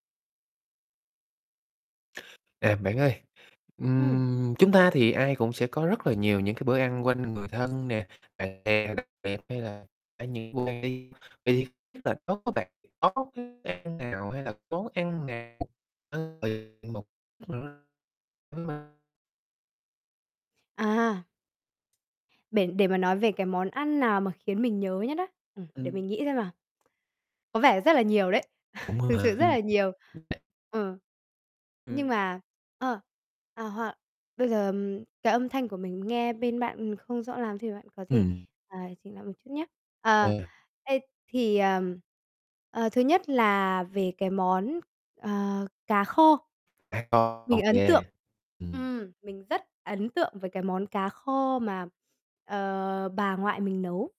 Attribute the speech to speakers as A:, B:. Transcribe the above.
A: À, bạn ơi,
B: Ừm.
A: ừm, chúng ta thì ai cũng sẽ có rất là nhiều những cái bữa ăn quanh người thân nè, bạn bè nè, hay là [unintelligible] thì tức là nó có bạn có cái ăn nào hay là món ăn nào, ơ, ờ, một [unintelligible]
B: À. Bể để mà nói về cái món ăn nào mà khiến mình nhớ nhất á? Ừm, để
A: Ừm.
B: mình nghĩ xem nào. Có vẻ rất là nhiều đấy,
A: Cũng,
B: thực sự
A: à,
B: rất
A: ưm
B: là nhiều,
A: [unintelligible]
B: ừm, nhưng
A: Ừm.
B: mà ơ, ờ, hoặc bây giờ cái âm thanh của mình nghe bên bạn, ừm, không rõ lắm thì bạn có thể,
A: Ừm.
B: à, chỉnh lại một chút nhá. Ờ,
A: Ừ [unintelligible]
B: thế thì, ờ, ờ, thứ nhất là về cái món, ờ, cá kho,
A: À, có, ô
B: mình ấn
A: kê,
B: tượng,
A: ừm.
B: ừm, mình rất ấn tượng với cái món cá kho mà, ờ, bà ngoại mình nấu.